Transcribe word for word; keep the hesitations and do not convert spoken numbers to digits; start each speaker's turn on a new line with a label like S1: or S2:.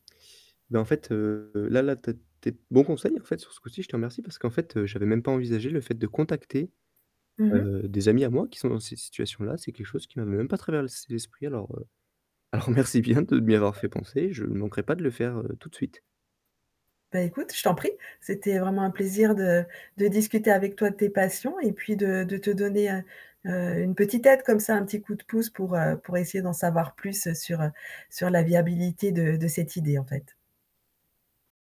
S1: Ben en fait, heu, là là tu as tu es de bon conseil en fait, sur ce coup-ci, je te remercie parce qu'en fait, heu, j'avais même pas envisagé le fait de contacter,
S2: Mmh mh.
S1: heu, des amis à moi qui sont dans ces situations-là, c'est quelque chose qui m'avait même pas traverlsé l'esprit alors, heu, alors merci bien de m'y avoir fait penser. Je ne manquerai pas de le faire, heu, tout de suite.
S2: Bah écoute, je t'en prie. C'était vraiment un plaisir de de discuter avec toi de tes passions et puis de de te donner, heu, heu, une petite aide comme ça, un petit coup de pouce pour, heu, pour essayer d'en savoir plus sur, heu, sur la viabilité de de cette idée, en fait.